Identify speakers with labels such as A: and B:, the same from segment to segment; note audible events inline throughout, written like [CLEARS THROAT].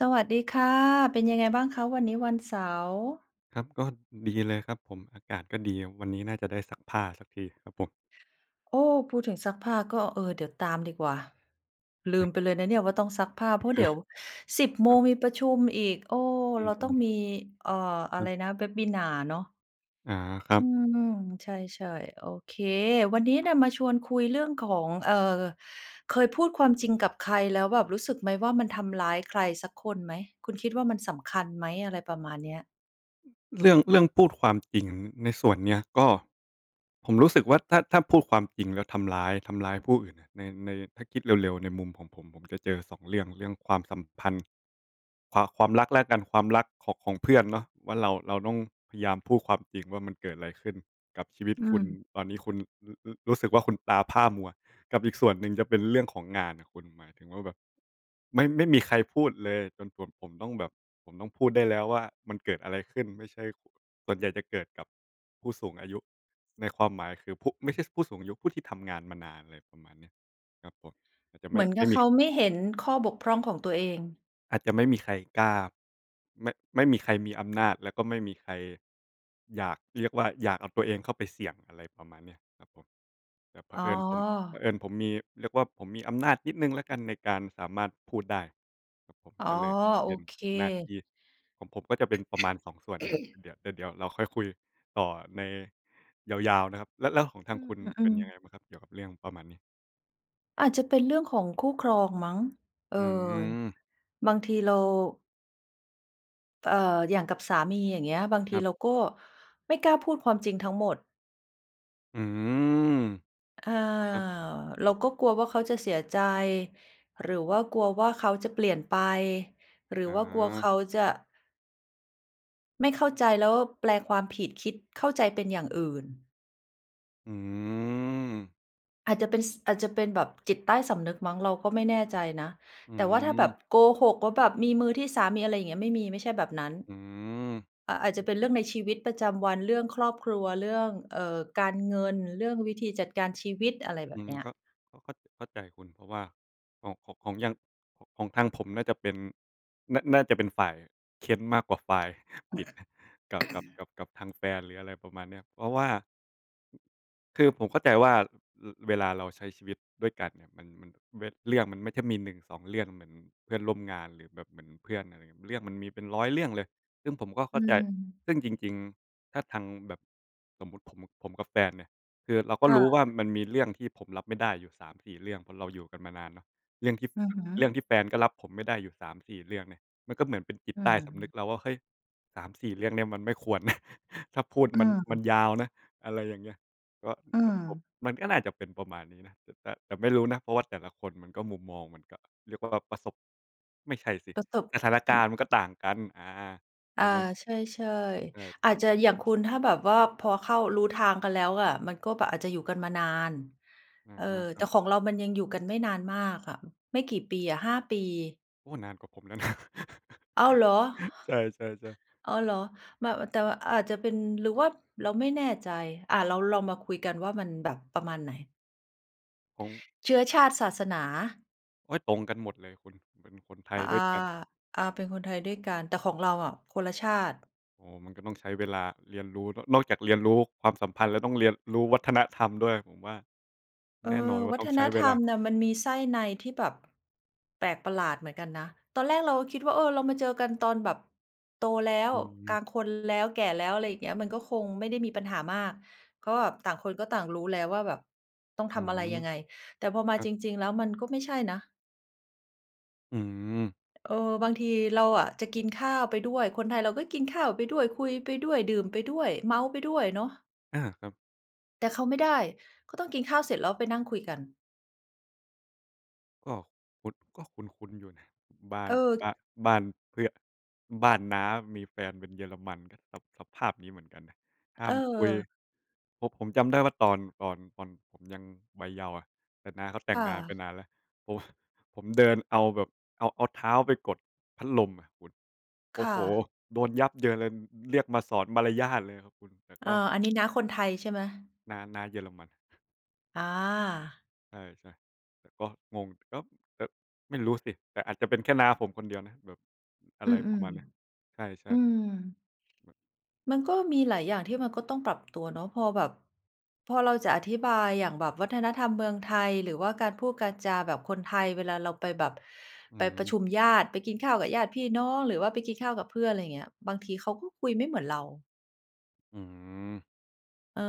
A: สวัสดีค่ะ เป็นยังไงบ้างคะ? วันนี้วันเสาร์
B: ครับก็ดีเลยครับผม อากาศก็ดี วันนี้น่าจะได้ซักผ้าสักทีครับผม
A: โอ้ พูดถึงซักผ้าก็ เออ เดี๋ยวตามดีกว่า ลืม
B: [CHUCKLES]
A: ไปเลยนะเนี่ยว่าต้องซักผ้า เ
B: อ
A: พรา
B: ะ
A: ะเ
B: ฮ
A: ดี
B: ะ
A: ๋ยว 10 โม
B: ครั
A: ง
B: บ
A: มีประชุมอีก เออ
B: อื
A: เราต้อ
B: อ
A: ง
B: ๆ
A: มี อ่า อะ
B: ค
A: ไ
B: ร
A: ร
B: ับ
A: นะ Webinar เนาะ
B: อา ครั
A: อ
B: บ
A: ืม ใช่ ๆ โอเค วันนี้
B: คร
A: น
B: ับ
A: ่ะมาชวนคุยเรื่องของ เอ่อ เคยพูดความจริงกับใครแล้วแบบรู้สึกไหมว่า มันทำร้ายใครสักคนไหม คุณคิดว่ามันสำคัญไหม? อะไรประมาณเนี้ย
B: เรื่อง เรื่องพูดความจริงในส่วนเนี้ย ก็ ผมรู้สึกว่าถ้า ถ้าพูดความจริงแล้วทำร้าย ทำร้ายผู้อื่นใน ใน ถ้าคิดเร็ว ๆ ในมุมของผม ผมจะเจอ 2 เรื่อง เรื่องความสัมพันธ์ ความ ความรักละกัน ความรักของ ของเพื่อนเนาะ ว่าเรา เราต้องพยายามพูดความจริงว่า มันเกิดอะไรขึ้นกับชีวิต
A: อื
B: คุณ
A: ม
B: ตอนนี้คุณระ รู้สึกว่าคุณตาพร่ามัว กับอีกส่วนหนึ่งจะเป็นเรื่องของงานน่ะคุณ หมายถึงว่าแบบไม่ ไม่มีใครพูดเลยจนส่วนผมต้องแบบ ผมต้องพูดได้แล้วว่า มันเกิดอะไรขึ้น ไม่ใช่ ส่วนใหญ่จะเกิดกับ ผู้สูงอายุ ในความหมายคือ ผู้ ไม่ใช่ผู้สูงอายุ ผู้ที่ทำงานมานาน อะไรประมาณนี้ ครับผม อาจจะไม
A: เหม
B: ่
A: ือน
B: ไ
A: ก
B: ม
A: ั
B: ่
A: บ
B: ม
A: เ
B: ี
A: ขาไม่เห็นข้อบกพร่องของตัวเอง
B: อาจจะไม่มีใครกล้า ไม่ ไม่มีใครมีอำนาจ แล้วก็ไม่มีใคร อยากเรียกว่า อยากเอาตัวเองเข้าไปเสี่ยง อะไรประมาณเนี้ยครับผม แต่เผ
A: อ๋อ
B: อิญผม เผอิญผมมี เรียกว่าผมมีอำนาจนิดหนึ่งละกันในการสามารถพูดได้ครับผม
A: อ๋อ
B: ก็เลยจะเ
A: โอ
B: ป็น
A: เค
B: หน้าที่ของผมก็จะเป็นประมาณ 2 ส่วนเนี้ย
A: [CLEARS THROAT]
B: เดี๋ยว แต่เดี๋ยวเราค่อยคุยต่อในยาว ๆ นะครับ แล้ว แล้วก็ของท
A: อ
B: า
A: ื
B: งค
A: ม
B: ุณ
A: ๆ อื
B: เป็น
A: ม
B: ยังไงบ้างครับเกี่ยวกับเรื่องประมาณนี้
A: อาจจะเป็นเรื่องของคู่ครองมั้ง เอ
B: อ
A: อ
B: ืม
A: บางทีเรา เอ่อ อย่างกับสามี อย่างเงี้ย บางท
B: ค
A: ี
B: รับ
A: เราก็ไม่กล้าพูดความจริงทั้งหมด
B: อืม
A: อ่า
B: ครับ
A: เราก็กลัวว่าเขาจะเสียใจ หรือว่ากลัวว่าเขาจะเปลี่ยนไป หรือ
B: อ
A: ว่ากลัวเข
B: า
A: าจะ ไม่เข้าใจ แล้วแปลความผิด คิดเข้าใจเป็นอย่างอื่น
B: อืม
A: อาจจะเป็น ส อาจจะเป็นแบบจิตใต้สำนึกมั้ง เราก็ไม่แน่ใจนะ
B: อื
A: แต่ว่าถ้าแบบ
B: ม
A: โกหกว่า แบบมีมือที่สาม มีอะไรอย่างเงี้ย ไม่มี ไม่ใช่แบบนั้น
B: อื
A: อะ อาจจะ
B: ม
A: เป็นเรื่องในชีวิตประจำวัน เรื่องครอบครัว เรื่อง เอ่อ การเงิน เรื่องวิธีจัดการชีวิต อะไรแบ
B: อื
A: บเ
B: ม
A: นี้ย
B: ก็ ก็เข้า เข้าใจคุณ เพราะว่าของ ของ ของอย่าง ของทางผมน่าจะเป็น น่า น่าจะเป็นฝ่ายเค้นมากกว่าฝ่ายผิด กับ กับ
A: [CLEARS THROAT]
B: กับ กับทางแฟนหรืออะไรประมาณเนี้ย เพราะว่า คือผมเข้าใจว่า ร เวลาเราใช้ชีวิตด้วยกันอะ มัน มันเว เรื่องมันไม่ได้มี 1, 2 เรื่อง เหมือนเพื่อนร่วมงานหรือแบบเหมือนเพื่อน อะไรอย่างเงี้ย เรื่องมันมีเป็น 100 เรื่องเลย ซึ่งผมก็เข
A: อื
B: ้าใจ
A: ม
B: ซึ่งจริง ๆ ถ้าทางแบบ สมมติผม ผมกับแฟนเนี่ย คือเราก็
A: ค่
B: รู้ว่
A: ะ
B: ามันมีเรื่องที่ผมรับไม่ได้อยู่ 3-4 เรื่อง เพราะเราอยู่กันมานานเนาะ เรื่องที่
A: อือฮึ
B: เรื่องที่แฟนก็รับผมไม่ได้อยู่ 3-4 เรื่องเนี่ย มันก็เหมือนเป็นจิต
A: อื
B: ใต้สำนึก
A: ม
B: เราว่า เฮ้ย 3-4 เรื่องเนี้ยมันไม่ควรนะ [CHUCKLES] ถ้าพูด
A: อื
B: มัน มัน
A: ม
B: ยาวนะ อะไรยังเงี้ย ก็
A: อื
B: แต่ผม
A: ม
B: มันก็น่าจะเป็นประมาณนี้นะ แต่ แต่ไม่รู้นะ เพราะว่าแต่ละคนมันก็มุมมองมันก็เรียกว่าแบบประสบ ไม่ใช่สิ
A: ประสบ
B: สถานกา
A: อ
B: รณ์มันก็ต่างกัน อา ใช
A: อา
B: ่ไหม?
A: ใช่
B: เออ
A: ๆ อ
B: แ
A: า
B: บ
A: จ
B: บ
A: จะอย่างคุณ ถ้าแบบว่าพอเข้า รู้ทางกันแล้วอะ มันก็แบบอาจจะอยู่กันมานาน
B: อา
A: เออ
B: คร
A: แ
B: ั
A: ต่
B: บ
A: ของเรามันยังอยู่กันไม่นานมากอะ ไม่กี่ปีอะ 5 ปี
B: โอ้ นานกว่า ผมแล้วนะ [CHUCKLES]
A: อ้าว เหรอ!
B: ใช่ ๆ ๆ
A: อ้าว เหรอ! แบบ อะ แต่อาจจะเป็น หรือว่าเราไม่แน่ใจ อะ เราลองมาคุยกันว่ามันแบบประมาณไหน?
B: ของ
A: เชื้อชาติ ศาสนา
B: โอ๊ย ตรงกันหมดเลยคุณ เป็นคนไท
A: อ
B: ย
A: า
B: ด้วยกัน
A: อา เป็นคนไทยด้วยกัน แต่ของเราอะคนละชาติ
B: อ๋อ มันก็ต้องใช้เวลาเรียนรู้ น นอกจากเรียนรู้ความสัมพันธ์แล้ว ก็ต้องเรียนรู้วัฒนธรรมด้วย ผมว่า
A: เออ
B: แน่นอนว่า
A: วั
B: ต้อ
A: ฒ
B: งใช
A: น
B: ้เ
A: ธ
B: ว
A: ร
B: ล
A: รม
B: า
A: น่ะมันมีไส้ในที่แบบแปลกประหลาดเหมือนกันนะ ตอนแรกเราก็คิดว่า เออ เรามาเจอกันตอนแบบโตแล้ว
B: อ
A: ก
B: ื
A: ลา
B: อ
A: งคนแล้ว แก่แล้ว อะไรอย่างเงี้ย มันก็คงไม่ได้มีปัญหามาก ก็แบบต่างคนก็ต่างรู้แล้วว่าแบบต้อง
B: อ
A: ท
B: ื
A: ำอะไร
B: ม
A: ยังไง แต่พอม
B: ค
A: า
B: รั
A: จ
B: บ
A: ริง ๆ แล้วมันก็ไม่ใช่นะ
B: อืม
A: เออ บางทีเราอะจะกินข้าวไปด้วย คนไทยเราก็กินไปด้วย คุยไปด้วย ดื่มไปด้วย เมาท์ไปด้วยเนาะ
B: อา ครับ
A: แต่เขาไม่ได้ เขาต้องกินข้าวเสร็จ แล้วไปนั่งคุยกัน
B: ก็คุ้น ก็คุ้น ๆ อยู่นะ บ้า
A: เอ
B: น
A: อ
B: บ้าน บ้านเพื่อน บ้านน้ามีแฟนเป็นเยอรมัน ก็สะ สภาพนี้เหมือนกันน่ะ ห้ามคุย
A: เออ
B: ผม ผมจำได้ว่าตอน ตอน ตอนผมยังวัยเยาว์อะ แต่น้าเขาแต่
A: ค
B: ง
A: ่
B: งานไป
A: ะ
B: นานแล้ว โอ้โฮ ผมเดินเอาแบบ เอา เอาเท้าไปกดพัดลมอะคุณ โอ
A: ค
B: ้
A: ่
B: โฮ
A: ะ
B: โดนยับเยินเลย เรียกมาสอนมารยาทเลยอะคุณ แต่
A: อ
B: ก
A: า
B: ็
A: อันนี้น้าคนไทยใช่ไหม?
B: น้า น้าเยอรมัน [CHUCKLES]
A: อา
B: ใช่ ๆ แต่ก็งง แต่ก็แบบ ไม่รู้สิ แต่อาจจะเป็นแค่น้าผมคนเดียวนะแบบ อะ
A: อื
B: ไรปร
A: ม
B: ะมาณเนี้ย ใช
A: ๆ อ
B: ่
A: ื
B: ๆ
A: ม
B: แบบ
A: มันก
B: ค
A: ็
B: รับ
A: มีหลายอย่างที่มันก็ต้องปรับตัวเนาะ พอแบบพอเราจะอธิบายอย่างแบบวัฒนธรรมเมืองไทย หรือว่าการพูดการจาแบบคนไทยเวลาเราไปแบบ
B: อื
A: ไปประ
B: ม
A: ชุมญาติ ไปกินข้าวกับญาติพี่น้อง หรือว่าไปกินข้าวกับเพื่อน อะไรเงี้ย บางทีเขาก็คุยไม่เหมือนเรา
B: อืม
A: เออ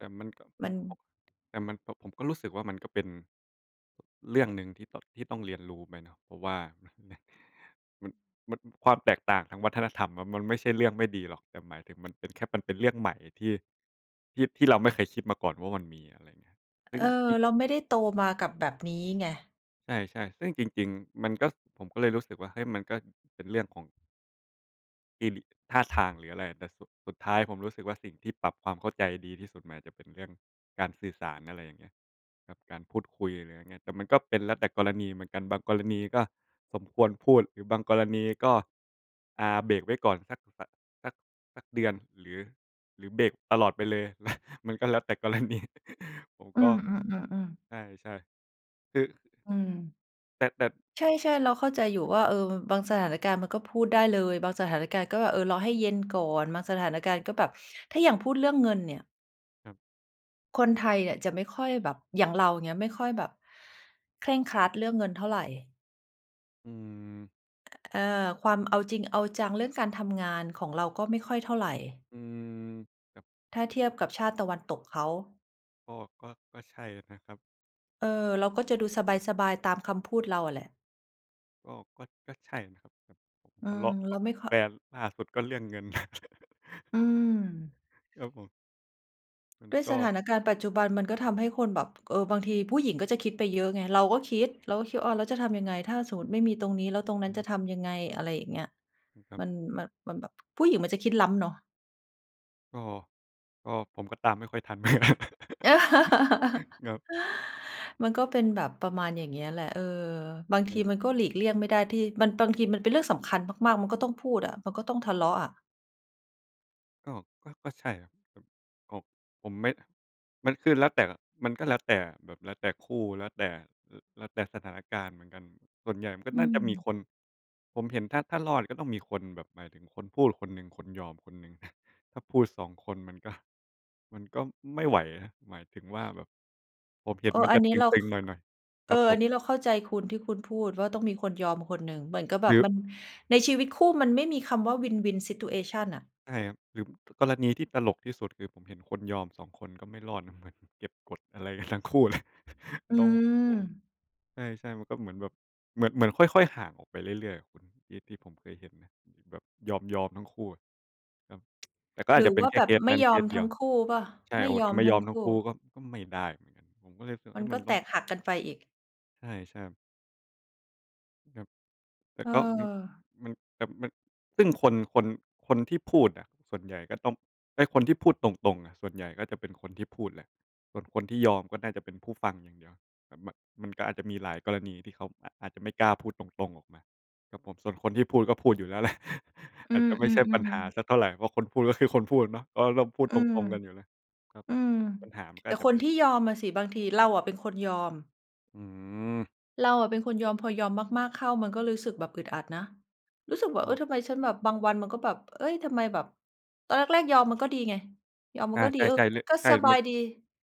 B: แต่มันก็ ผ
A: มั
B: ม
A: น
B: ก็ แต่มันก็ ผมก็รู้สึกว่ามันก็เป็น เรื่องหนึ่งที่ ต ที่ต้องเรียนรู้ไปเนาะ เพราะว่า [CHUCKLES] มัน มันความแตกต่างทางวัฒนธรรมอะมันไม่ใช่เรื่องไม่ดีหรอก แต่หมายถึงมันเป็นแค่ มันเป็นเรื่องใหม่ที่ ที่ ที่เราไม่เคยคิดมาก่อนว่ามันมี อะไรยังเงี้ย เป
A: เ
B: ็
A: อ
B: น
A: อ
B: อีก
A: เราไม่ได้โตมากับแบบนี้ไง
B: ใช่ ๆ ซึ่งจริง ๆ มันก็ ผมก็เลยรู้สึกว่า เฮ้ย มันก็เป็นเรื่องของ กิริ ท่าทางหรืออะไร แต่สุด สุดท้ายผมรู้สึกว่า สิ่งที่ปรับความเข้าใจดีที่สุดหมายถึงเป็นเรื่องการสื่อสาร อะไรอย่างเงี้ย กับการพูดคุย หรือยังงี้ แต่มันก็เป็นแล้วแต่กรณีเหมือนกัน บางกรณีก็สมควรพูด บางกรณีก็ อ่า เบรกไว้ก่อนสักแบบ สัก สักเดือน หรือ หรือเบรกตลอดไปเลย [CHUCKLES] มันก็เลยแต่กรณี [CHUCKLES] ผม
A: อื
B: ก็
A: ม ๆ ๆ ๆ
B: ใช่ ๆ คือ
A: อืม
B: แต่ แต่
A: ใช่ ๆ เราเข้าใจอยู่
B: ครับ
A: ว่า เออ บางสถานการณ์มันก็พูดได้เลย บางสถานการณ์ก็ เออ รอให้เย็นก่อน บางสถานการณ์ก็แบบ ถ้าอย่างพูดเรื่องเงินเนี่ย
B: ครับ
A: คนไทยอะจะไม่ค่อยแบบ อย่างเราเงี้ย ไม่ค่อยแบบเคร่งครัดเรื่องเงินเท่าไร
B: อืม
A: เออ ความเอาจริงเอาจังเรื่องการทำงานของเราก็ไม่ค่อยเท่าไร
B: อืม ครับ
A: ถ้าเที
B: ผ
A: ยบ
B: ม
A: กับชาติตะวันตกเขา
B: ก็ ก็ ก็ใช่อะนะครับ
A: เออ เราก็จะดูสบาย ๆ ตามคำพูดเราอะแหละ
B: ก็ ก็ ก็ใช่นะครับ ผ ผม
A: อื
B: ทะเ
A: ม
B: ลาะ
A: เ
B: ก
A: ร
B: ั
A: า
B: บ
A: ไม่ค่
B: แ
A: อ
B: ฟนล่าสุดก็เรื่องเงิน [CHUCKLES]
A: อืม
B: ครับผม มัน
A: ด้วย
B: ก
A: ส
B: ็
A: ถานการณ์ปัจจุบันมันก็ทำให้คนแบบ เออ บางทีผู้หญิงก็จะคิดไปเยอะไง เราก็คิด เราก็คิด อ้าว แล้วจะทำยังไง? ถ้าสมมติไม่มีตรงนี้แล้วตรงนั
B: อ
A: ้นจะท
B: ืม
A: ำยังไง? อะไรอย่างเงี้ย
B: อืม ครั
A: ม
B: บ
A: ัน มัน มันแบบผู้หญิงมันจะคิดล้ำเนาะ
B: ก็ ก็ผมก็ตามไม่ค่อยทัน [CHUCKLES]
A: [LAUGHS]
B: ครับ
A: มันก็เป็นแบบประมาณยังงี้แหละ เออ บาง
B: ค
A: ที
B: รับ
A: มันก็หลีกเลี่ยงไม่ได้ที่ มัน บางทีมันเป็นเรื่องสำคัญมาก ๆ มันก็ต้องพูดอะ มันก็ต้องทะเลาะอะ
B: ก็ ก็ ก็ใช่ครับ ก็ ผม ผมไม่ มันคือแล้วแต่ มันก็แล้วแต่ แบบแล้วแต่คู่ แล้วแต่ แล แล้วแต่สถานการณ์เหมือนกัน ส่วนใหญ่ก็
A: อื
B: น่าจะมี
A: ม
B: คน ผมเห็นถ้า ถ้ารอดก็ต้องมีคนแบบหมายถึงคนพูดคนหนึ่ง คนยอมคนหนึ่งอะ ถ้าพูด 2 คนมันก็ มันก็ไม่ไหวนะ หมายถึงว่า แบบ ผมเห็
A: เอ
B: น
A: อ
B: มัน
A: อั
B: จ
A: น
B: ะ
A: นี้
B: ต
A: เรา
B: ึ
A: ข
B: ง ๆ หน่อย ๆ
A: เ
B: ค
A: อ
B: ร
A: อ
B: ับผ
A: อั
B: ม
A: นนี้เราเข้าใจคุณที่คุณพูดว่าต้องมีคนยอมคนหนึ่ง เหมือนกับแบ
B: หร
A: บ
B: ือ
A: มัน ในชีวิตคู่มันไม่มีคำว่า win-win situation น่ะ
B: ใช่ครับ หรือกรณีที่ตลกที่สุด คือ ผมเห็นคนยอม 2 คนก็ไม่รอดนะ เหมือนเก็บกดอะไรกันทั้งคู่เลย [CHUCKLES]
A: อื
B: ต้อง โอ้โฮ
A: ม
B: ใช่ ๆ มันก็เหมือนแบบ เหมือน เหมือนค่อย ๆ ห่างออกไปเรื่อย ๆ อะคุณ ที่ ที่ผมเคยเห็นนะ แบบยอม ยอมทั้งคู่อะครับ ก็ แต่ก็อ
A: ห
B: า
A: ร
B: จ
A: ื
B: จ
A: อ
B: ะเป็
A: ว
B: น
A: ่า
B: แค
A: แ
B: ่
A: บ
B: เค
A: บ
B: ส
A: ไม่
B: นั้น
A: ย
B: เค
A: อม
B: สเ
A: ท
B: ดี
A: ั
B: ย
A: ้
B: ว
A: งคู่เปล่า?
B: ใช่
A: ไม
B: โ
A: ่
B: อ้โฮ
A: ยอ
B: จะ
A: ม
B: ไม่
A: ท
B: ย
A: ั้
B: อ
A: ง
B: ม
A: ค
B: ทั้ง
A: ู่
B: คู่ก็ ก็ไม่ได้เหมือนกัน ผมก็เลยรู้สึก
A: มั
B: เอ
A: น
B: ๊ย
A: ก
B: มั
A: ็
B: น
A: แ
B: ต
A: ต
B: ้อง
A: กหักกันไปอีก
B: ใช่ ใช่ครับ ครับ แต่
A: เ
B: ก็ มัน
A: ออ
B: มัน แบบมัน ซึ่งคน คน คนที่พูดอะ ส่วนใหญ่ก็ต้องเป็นคนที่พูดตรง ๆ อะ ส่วนใหญ่ก็จะเป็นคนที่พูดแหละ คน คนที่ยอมก็น่าจะเป็นผู้ฟังอย่างเดียวอะ มัน มันก็อาจจะมีหลายกรณีที่เขาอาจ อาจจะไม่กล้าพูดตรง ๆ ออกมาครับผม ส่วนคนที่พูดก็พูดอยู่แล้ว แหละ [CHUCKLES]
A: อื
B: อาจจะไม่ใช่ปัญ
A: ม
B: หา
A: ๆ ๆ
B: สักเท่าไร เพราะคนพูดก็คือคนพูดเนาะ ก็ต้องพูด
A: อื
B: ต
A: ม
B: รง ๆ กันอยู่แล้ว ครับ
A: อืม
B: ปัญหามันก
A: แ
B: ็
A: ต่
B: อาจจ
A: ค
B: ะ
A: น
B: เป็
A: ท
B: น
A: ี่ยอมอะสิบางที เราอะเป็นคนยอม
B: อืม
A: เราอะเป็นคนยอม พอยอมมาก ๆ เข้า มันก็รู้สึกแบบอึดอัดนะ รู้สึกว่า
B: อ้
A: เออ
B: อ
A: ทำไมฉันแบบบางวันมันก็แบบ เอ๊ย ทำไมแบบตอนแรก ๆ ยอมมันก็ดีไง ยอมม
B: อ
A: ั
B: า
A: นก็ด
B: ใ
A: ี เออ
B: ช่ ๆ เรื่อง
A: ก็
B: ใช่
A: สบ
B: ม
A: า
B: ัน
A: ยดี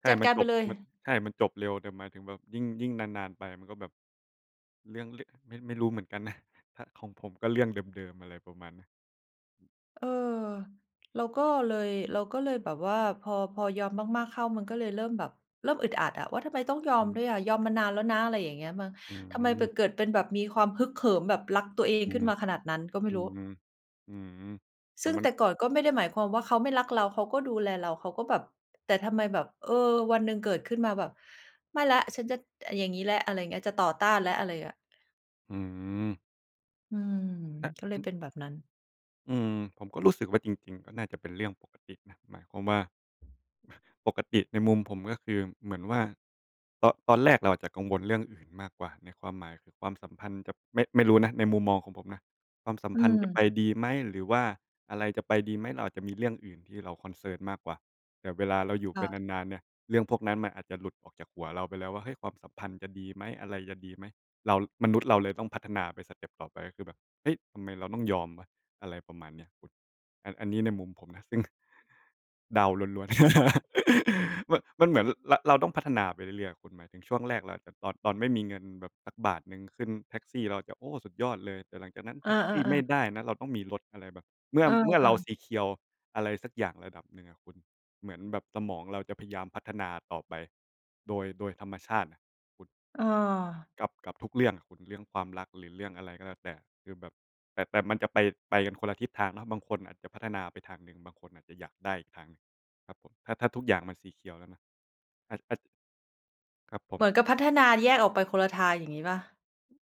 B: ใช่
A: จัด
B: มั
A: ก
B: น
A: าร
B: จ
A: ไป
B: บ
A: เลย
B: มัน ใช่มันจบเร็ว แต่หมายถึงแบบยิ่ง ยิ่งนาน ๆ ไปมันก็แบบ เรื่องเล็ก ไม่ ไม่รู้เหมือนกันนะ ข ของผมก็เรื่องเดิม ๆ อะไรประมาณเนี้ย
A: เออ เราก็
B: ครับ
A: เลย เราก็เลยแบบว่าพอ พอยอมมาก ๆ เข้า มันก็เลยเริ่มแบบเริ่มอึดอัดอะว่า ทำไมต้องยอ
B: อ
A: มด
B: ืม
A: ้วยอะ ยอมมานานแล้วนะ อะไรอย่างเงี้ยมั้ง
B: อื
A: ทำไมแบบ
B: ม
A: เกิดเป็นแบบ มีความฮึกเหิมแบบรักตัวเอง
B: อื
A: ขึ้
B: ม
A: นมาขนาดนั้นก็ไม่
B: อื
A: รู้
B: ม อืม แต
A: ซ
B: ่
A: ึ่ง
B: มั
A: แ
B: น
A: ต่ก่อนก็ไม่ได้หมายความว่าเขาไม่รักเรา เขาก็ดูแลเรา เขาก็แบบ แต่ทำไมแบบ เออ วันหนึ่งเกิดขึ้นมาแบบ ไม่แล้ว ฉันจะอย่างงี้แล้ว อะไรอย่างเงี้ย จะต่อต้านแล้ว อะไรเงี้ย
B: อืม
A: อืม
B: อะ
A: ก็เล
B: อั
A: ย
B: น
A: เป็นแบบนั้น
B: อืม ผมก็รู้สึกว่าจริง ๆ ก็น่าจะเป็นเรื่องปกตินะ หมายความว่า [CHUCKLES] ปกติในมุมผม ก็คือเหมือนว่า ตอ ตอนแรกเราอาจจะกังวลเรื่องอื่นมากกว่าไง ในความหมายคือความสัมพันธ์กับ ไม่ ไม่รู้นะ ไนมุมมองของผมนะ ความสัม
A: อื
B: พันธ์จะไป
A: ม
B: ดีไหม หรือว่าอะไรจะไปดีไหม เราอาจจะมีเรื่องอื่นที่เรา ceoncern มากกว่า แบบเวลาเราอยู่
A: ค
B: ไป
A: ่ะ
B: นาน ๆ เนี่ย เรื่องพวกนั้นมันอาจจะหลุดจากหัวเราไปแล้วว่า เฮ้ย ความสัมพันธ์จะดีไหม? อะไรจะดีไหม? เรา มนุษย์เราเลยต้องพัฒนาไปสเต็ปต่อไป คือแบบ เฮ้ย ทำไมเราต้องยอมวะ อะไรประมาณเนี้ย คุณ อะ อันนี้ในมุมผมนะ ซึ่ง เดาล้วน ๆ [LAUGHS] ม มันเหมือน เรา เราต้องพัฒนาไปเรื่อย ๆ คุณ หมายถึงช่วงแรกเราอาจจะ ตอน ตอนไม่มีเงินแบบสักบาทหนึ่ง ขึ้นแท็กซี่เราจะ โอ้ สุดยอดเลย แต่หลังจากนั้นแ
A: อ
B: ท็กซี่ไม
A: า
B: ่
A: ๆ ๆ
B: ได้นะ เราต้องมีรถ อะไรแบบ เมื่อ
A: เอ
B: เมื่อเรา
A: อ ๆ
B: ซีเคียว อะไรสักอย่างระดับหนึ่งอะคุณ เหมือนแบบสมองเราแบบจะพยายามพัฒนาต่อไป โดย โดยธรรมชาติน่ะคุณ
A: อา
B: กับ กับทุกเรื่องอะคุณ เรื่องความรักหรือเรื่องอะไรก็แล้วแต่ คือแบบ แต่ แต่มันจะไป ไปคนละทิศทางนะ บางคนอาจจะพัฒนาไปทางหนึ่ง บางคนอาจจะอยากได้อีกทางหนึ่ง ครับผม ถ้า ถ้าทุกอย่างมัน ซีเคียว แล้วนะ อาจ อาจ ครับผ
A: เหมื
B: ม
A: อนกับพัฒนาแยกออกไปคนละทาง อย่างงี้เปล่า?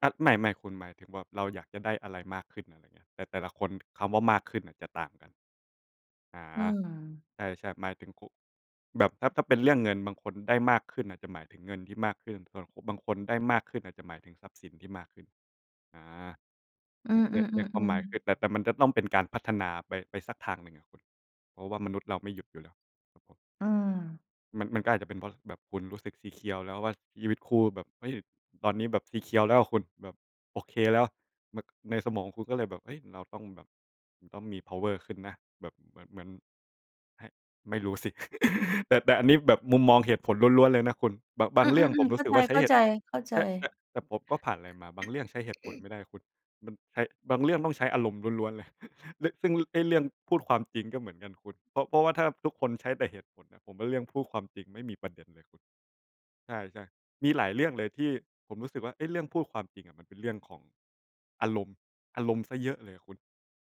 B: อะ ไม่ ๆ คุณ หมายถึงแบบเราอยากจะได้อะไรมากขึ้น อะไรอย่างเงี้ย แต่ แต่ละคนคำว่า มากขึ้นน่ะจะต่างกัน อา
A: อืม
B: ใช่ ๆ หมายถึงคุ แบบ ถ้า ถ้าเป็นเรื่องเงิน บางคนได้มากขึ้นอาจจะหมายถึงเงินที่มากขึ้น สำหรับผม บางคนได้มากขึ้นอาจจะหมายถึงทรัพย์สินที่มากขึ้น อา
A: อื
B: ใน
A: ม
B: ใน ในความหมายค
A: ๆ
B: ื
A: ๆ ๆ
B: อ แต่ แต่มันจะต้องเป็นการพัฒนาไป ไปสักทางหนึ่งอะคุณ เพราะว่ามนุษย์เราไม่หยุดอยู่แล้ว ครับผม
A: อืม
B: มัน มันก็อาจจะเป็นเพราะแบบคุณรู้สึก ซีเคียว แล้วว่า ชีวิตคู่แบบ เฮ้ย ตอนนี้แบบ ซีเคียว แล้วอะคุณ แบบโอเคแล้ว แบบ ในสมองคุณก็เลยแบบ เฮ้ย เราต้องแบบ มันต้องมีเพาว์เออร์ขึ้นนะ แบบเหมือน เหมือนให้ ไม่รู้สิ [CHUCKLES] แต่ แต่อันนี้แบบมุมมองเหตุผลล้วน ๆ เลยนะคุณ บะ บ
A: อ
B: า
A: ื
B: งเรื่องผ
A: ม
B: ม
A: ๆ ๆ
B: ร
A: เ
B: ู
A: ข้
B: ้
A: า
B: สึกว่าใช้เห
A: ใ
B: ตุ
A: จ
B: ใช่ ต
A: ๆ
B: ะ
A: ๆ
B: แต่ผมก็ผ่านอะไรมา บางเรื่องใช้เหตุผลไ
A: [CLEARS THROAT]
B: ม่ได้คุณ มันใช้ บางเรื่องต้องใช้อารมณ์ล้วน ๆ เลย [CHUCKLES] เรื่อง ซึ่งไอ้เรื่องพูดความจริงก็เหมือนกันคุณ เพราะ เพราะว่าถ้าทุกคนใช้แต่เหตุผลอะ ผมว่าเรื่องพูดความจริงไม่มีประเด็นเลยคุณ ใช่ ๆ มีหลายเรื่องเลยที่ผมรู้สึกว่า เอ๊ะ เรื่องพูดความจริงอะมันเป็นเรื่องของ อารมณ์ อารมณ์เสียเยอะเลยอะคุณ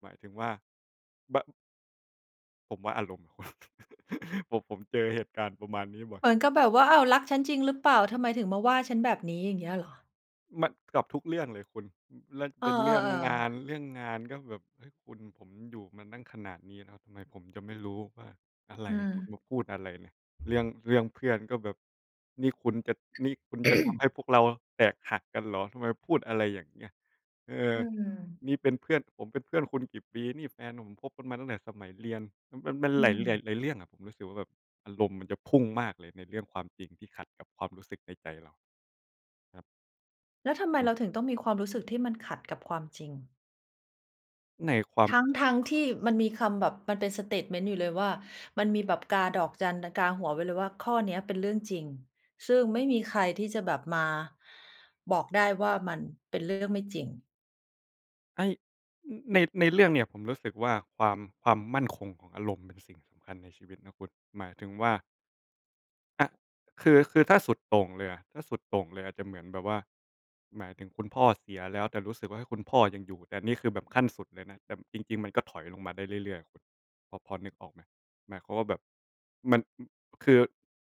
B: หมายถึงว่า บาง ผมว่าอารมณ์น่ะคุณ [CHUCKLES] ผม ผมเจอเหตุการณ์ประมาณนี้บ่อย
A: เหมือนกับแบบว่า "อ้าว รักฉันจริงหรือเปล่า ทำไมถึงมาว่าฉันแบบนี้?" อย่างเงี้ยเหรอ?
B: มัน กับทุกเรื่องเลยคุณ แล้ว
A: อ
B: เป
A: า
B: ็นเรื่องงา
A: ๆ ๆ
B: น เรื่องงาน ก็แบบ เอ๊ะ คุณ ผมอยู่มาตั้งขนาดนี้แล้ว ทำไมผมจะไม่รู้ว่าอะไร
A: อื
B: คุณมา
A: ม
B: พูดอะไรเนี่ย เรื่อง เรื่องเพื่อนก็แบบ นี่คุณจะ นี่คุณจะทำให้
A: [CLEARS THROAT]
B: พวกเราแตกหักกันเหรอ ทำไมพูดอะไรยังเงี้ย เอ
A: อ
B: อ
A: ืม
B: นี่เป็นเพื่อน ผมเป็นเพื่อนคุณกี่ปี นี่แฟนผมคบกันมาตั้งแต่สมัยเรียน มัน มัน
A: อื
B: หลาย
A: ม
B: หลายเรื่องอะ รู้สึกว่าแบบอารมณ์มันจะพุ่งมากเลยในเรื่องความจริงที่ขัดกับความรู้สึกในใจเรา ครับ
A: แล้วทำไม
B: อ
A: เ
B: ืม
A: ราถึงต้องมีความรู้สึกที่มันขัดกับความจริง?
B: ในความ
A: ทั้ง ๆ ที่มันมีคำแบบ มันเป็นสเตตเมนต์อยู่เลยว่า มันมีแบบกาดอกจัน กาหัวไว้เลยว่า ข้อนี้เป็นเรื่องจริง ซึ่งไม่มีใครที่จะแบบมาบอกได้ว่า มันเป็นเรื่องไม่จริง
B: ไอ้ ใน ในเรื่องเนี่ยผมรู้สึกว่า ความ ความมั่นคงของอารมณ์เป็นสิ่งสำคัญในชีวิตนะคุณ หมายถึงว่า อะ คือ คือ ถ้าสุดโต่งเลยอะ ถ้าสุดโต่งเลยอะจะเหมือนแบบว่า หมายถึงคุณพ่อเสียแล้ว แต่รู้สึกว่า เฮ้ย คุณพ่อยังอยู่ แต่นี่คือแบบขั้นสุดเลยนะ แต่จริง ๆ มันก็ถอยลงมาได้เรื่อย ๆ อะคุณ พอ พอนึกออกไหม? หมายความว่าแบบมัน ม คือ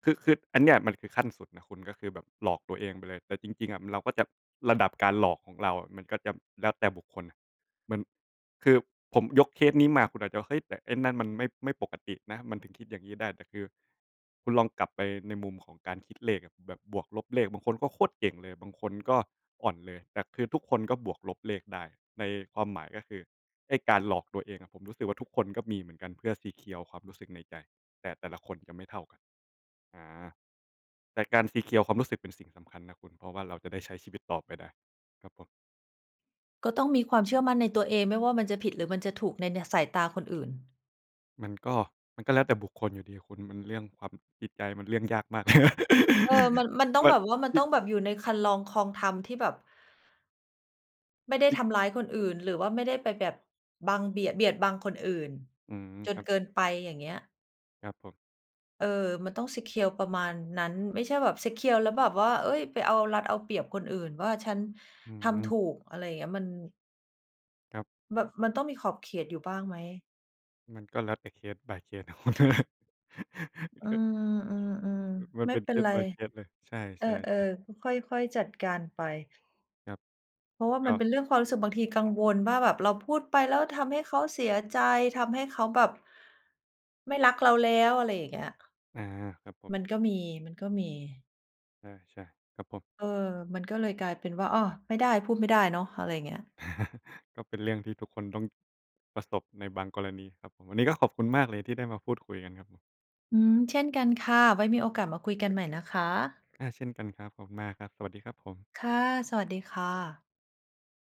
B: คือ คืออันเนี้ยมันคือขั้นสุดนะคุณ ก็คือแบบหลอกตัวเองไปเลย แต่จริง ๆ อะเราก็จะ ระดับการหลอกของเราอะมันก็จะแล้วแต่บุคคลอะ เหมือนคือผมยกเคสนี้มาคุณอาจจะ เฮ้ย แต่ไอ้นั่นมันไม่ ไม่ปกตินะ มันถึงคิดยังงี้ได้ แต่คือ คุณลองกลับไปในมุมของการคิดเลขอะ แบบบวกลบเลข บางคนก็โคตรเก่งเลย บางคนก็อ่อนเลย แต่คือทุกคนก็บวกลบเลขได้ ในความหมายก็คือ ไอ้การหลอกตัวเองอะ ผมรู้สึกว่า ทุกคนก็มีเหมือนกัน เพื่อ ซีเคียว ความรู้สึกในใจ แต่ แต่ละคนก็ไม่เท่ากัน อา แต่การ ซีเคียว ความรู้สึกเป็นสิ่งสำคัญนะคุณ เพราะว่าเราจะได้ใช้ชีวิตต่อไปได้ ครับผม
A: ก็ต้องมีความเชื่อมั่นในตัวเอง ไม่ว่ามันจะผิด หรือมันจะถูกใน ในสายตาคนอื่น
B: มันก็ มันก็แล้วแต่บุคคลอยู่ดีอะคุณ มันเรื่องความ จิตใจมันเรื่องยากมาก
A: เออ มัน มันต้อ
B: [LAUGHS] ม
A: ง
B: ั
A: แ
B: น
A: บบว่า มัน
B: ที
A: ต
B: ่
A: ้องแบบอยู่ในครรลองคลองธรรมที่แบบ ไม่ได้ทำร้ายคนอื่น หรือว่าไม่ได้ไปแบบบังเบียด เบียดบังคนอื่น
B: อืม
A: จ
B: ค
A: น
B: รับ
A: เกินไป อย่างเงี้ย
B: ครับผม
A: เออ มันต้อง ซีเคียว ประมาณนั้น ไม่ใช่แบบ ซีเคียว แล้วแบบว่า เฮ้ย ไปเอารัดเอาเปรียบคนอื่นว่า "ฉัน
B: อื
A: ทำถ
B: อ
A: ูก" อะไรอย่างเงี้ย มัน
B: ครับ
A: แบบมันต้องมีขอบเขตอยู่บ้างไหม?
B: มันก็แล้วแต่ case by case น่ะคุณ
A: อื
B: [LAUGHS] ก็
A: ม
B: อือ
A: ๆ
B: มั
A: ๆ
B: น
A: ไม
B: เ
A: ่
B: ป็น
A: เป็นไร
B: case by case เลย ใช
A: เออ
B: ่ ๆ ๆ
A: ๆ ค่อย ๆ จัดการไป
B: ครับ
A: เพราะว่า
B: ก
A: มันเป
B: ็
A: ็นเรื่องความรู้สึก บางทีกังวลว่า แบบเราพูดไปแล้วทำให้เขาเสียใจ ทำให้เขาแบบไม่รักเราแล้ว อะไรอย่างเงี้ย
B: อา ครับผม
A: มันก็มี มันก็มี
B: ใช่ ๆ ครับผม
A: เออ มันก็เลยกลายเป็นว่า อ้อ ไม่ได้ พูดไม่ได้เนาะ อะไรอย่างเงี้ย
B: [CHUCKLES] ก็เป็นเรื่องที่ทุกคนต้องประสบในบางกรณีครับ วันนี้ก็ขอบคุณมากเลยที่ได้มาพูดคุยกันครับผม
A: อืม เช่นกันค่ะ ไว้มีโอกาสมาคุยกันใหม่นะคะ
B: อา เช่นกันครับ ขอบคุณมากครับ สวัสดีครับผม
A: ค่ะ สวัสดีค่ะ